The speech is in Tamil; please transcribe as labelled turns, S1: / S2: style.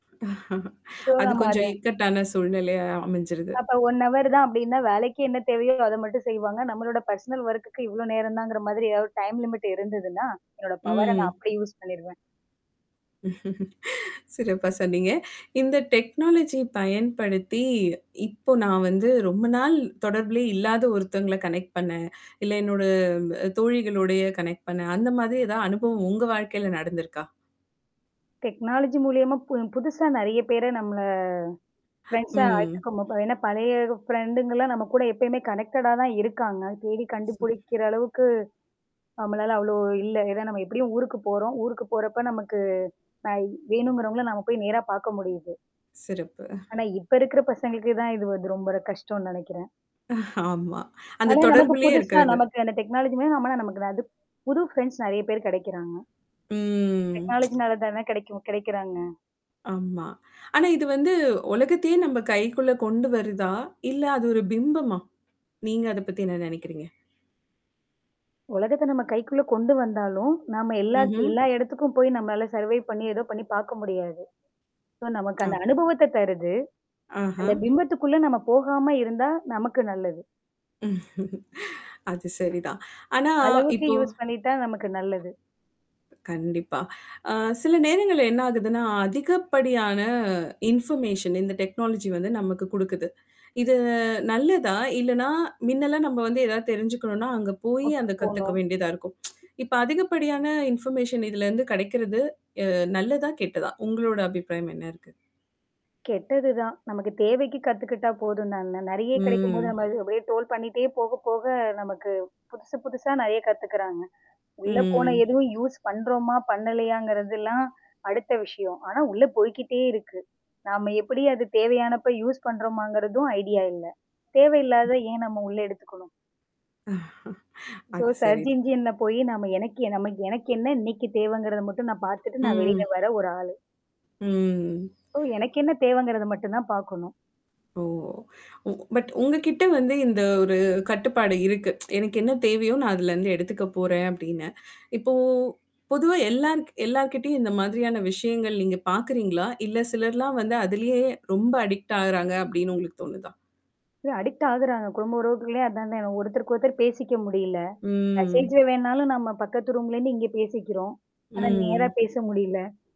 S1: ஸோ,
S2: அது
S1: நம்ம அதை
S2: கொஞ்சம் இக்கட்டான சூழ்நிலையா அமைஞ்சிருது.
S1: அப்ப 1 ஹவர் தான் அப்படின்னா, வேலைக்கே என்ன தேவையோ அத மட்டும் செய்வாங்க. நம்மளோட பர்சனல் ஒர்க்குக்கு இவ்வளோ நேரம் தாங்கிற மாதிரி ஏதாவது டைம் லிமிட் இருந்ததுன்னா, என்னோட பவர நான்
S2: ம்.
S1: அப்படி யூஸ் பண்ணிருவேன்.
S2: சிறப்பா சொன்னீங்க. இந்த டெக்னாலஜிய பயன்படுத்தி, இப்போ நான் வந்து ரொம்ப நாள் தொடர்புலே இல்லாத ஒருத்தங்கள கனெக்ட் பண்ணேன், இல்ல என்னோட அ தோழிகளோடேய கனெக்ட் பண்ணேன். அந்த மாதிரி ஏதாவது அனுபவம் உங்க வாழ்க்கையில நடந்திருக்கா?
S1: டெக்னாலஜி மூலியமா பு புதுசா நெறைய பேர நம்மள ஃப்ரெண்ட்ஸா
S2: ம்.
S1: ஆக்கிக்க முப ஏன்னா பழைய ஃப்ரெண்டுங்கலாம் நம்ம கூட எப்பயுமே கனெக்டடா தான் இருக்காங்க. தேடி கண்டுபுடிக்கிற அளவுக்கு, நம்மளால அவ்வளோ இல்ல. ஏன்னா நம்ம எப்படியும் ஊருக்கு போறோம். ஊருக்கு போறப்ப, நமக்கு நான் வேணுங்கிறவங்கள நாம போய் நேரா பார்க்க முடியுது.
S2: சிறப்பு. அ.
S1: ஆனா இப்ப இருக்கற பசங்களுக்கதான் இது வந்து ரொம்ப ஒரு கஷ்டம்ன்னு நெனைக்கிறன்.
S2: ஆமா. அந்த
S1: ஆனா நமக்கு
S2: தொடர்பிலேயே
S1: புதுசா
S2: இருக்கிறது.
S1: நமக்கு அந்த டெக்னாலஜியுமே நம்மள நமக்கு தான், அது புது ஃப்ரெண்ட்ஸ் நெறைய பேர் கெடைக்கிறாங்க.
S2: ம்.
S1: டெக்னாலஜினால தான கெடைக்கும் கெடைக்கிறாங்க.
S2: ஆமா. ஆனா இது வந்து உலகத்தையே நம்ப கைக்குள்ள கொண்டு வருதா? இல்ல அது ஒரு பிம்பமா? நீங்க அத பத்தி என்ன நெனைக்கிறீங்க?
S1: உலகத்த நம்ம கைக்குள்ள கொண்டு வந்தாலும், நாம எல்லா த்
S2: ம்ஹ்ம்.
S1: எல்லா இடத்துக்கும் போய் நம்மளால சர்வைவ் பண்ணி, ஏதோ பண்ணி பார்க்க முடியாது. சோ, நமக்கு அந்த
S2: ஆ.
S1: அனுபவத்த தருது.
S2: ஆஹா!
S1: அந்த பிம்பத்துக்குள்ள நம்ம போகாம இருந்தா நமக்கு நல்லது.
S2: அது சரிதான். ஆனா
S1: அளவுக்கு
S2: இப்போ
S1: யூஸ் பண்ணிட்டா நமக்கு நல்லது.
S2: கண்டிப்பா. அ சில நேரங்கள்ல என்ன ஆகுதுன்னா, அதிகப்படியான இன்ஃபர்மேஷன் இந்த டெக்னாலஜி வந்து நமக்கு குடுக்குது. இது நல்லதா? இல்லன்னா, மின்னலாம் நம்ம வந்து ஏதாவது தெரிஞ்சுக்கணும்னா, அங்க போய்
S1: ஒர்க்கு
S2: அந்த கத்துக்க
S1: போணும்.
S2: வேண்டியதா இருக்கும். இப்ப அதிகப்படியான இன்ஃபர்மேஷன் இதுலருந்து கெடைக்கிறது அ நல்லதா? கெட்டதா? உங்களோட அபிப்பிராயம் என்ன இருக்கு?
S1: கெட்டது தான். நமக்கு தேவைக்கு கத்துக்கிட்டா போதும் தான. நெறைய கெடைக்கும்போது
S2: ம்.
S1: நம்ம அது அப்படியே ட்ரோல் பண்ணிட்டே போக போக நமக்கு புதுசு, புதுசா நெறைய கத்துக்குறாங்க. உள்ள போன
S2: ம்
S1: எதுவும் யூஸ் பண்றோமா? பண்ணலையாங்கறதெல்லாம் அடுத்த விஷயம். ஆனா உள்ள போய்க்கிட்டே இருக்கு. நாம எப்படி அது தேவையானப்ப யூஸ் பண்றமாங்கிறதும் ஐடியா இல்ல. தேவையில்லாதத ஏன் நம்ம உள்ள எடுத்துக்கணும்? ஸோ,
S2: அது
S1: சர்ச்
S2: சரிதான்.
S1: இன்ஜின்ல போயி நம்ம எனக்கு எ நம்ம எனக்கு என்ன இன்னைக்கு தேவைங்கிறத மட்டும் நான் பார்த்துட்டு நான்
S2: ம்.
S1: வெளியில வர ஒரு ஆளு.
S2: ம்.
S1: சோ எனக்கு என்ன தேவைங்கிறத மட்டும் தான் பாக்கணும்.
S2: ஓ! உ பட் உங்க கிட்ட வந்து இந்த ஒரு கட்டுப்பாடு இருக்கு. "எனக்கு என்ன தேவையோ நான் அதுலருந்து எடுத்துக்க போறேன்." அப்படின்னு. இப்போ பொதுவா எல்லார்க் எல்லார்கிட்டயும் இந்த மாதிரியான விஷயங்கள் நீங்க பார்க்கறீங்களா? "இல்ல, சிலர்லாம் வந்து அதிலேயே ரொம்ப அடிக்ட் ஆகுறாங்க." அப்படின்னு உங்களுக்கு தோணுதா?
S1: இது அடிக்ட் ஆகுறாங்க. குடும்ப உறவுக்குள்ளே அதானே. ஒருத்தருக்கு ஒருத்தர் பேசிக்க முடியல.
S2: ம்.
S1: மெசேஜ்ல வேணாலும் நம்ம பக்கத்து ரூம்லேருந்து இங்க பேசிக்கிறோம். ஆனா நேரா
S2: ம்.
S1: பேச முடியல.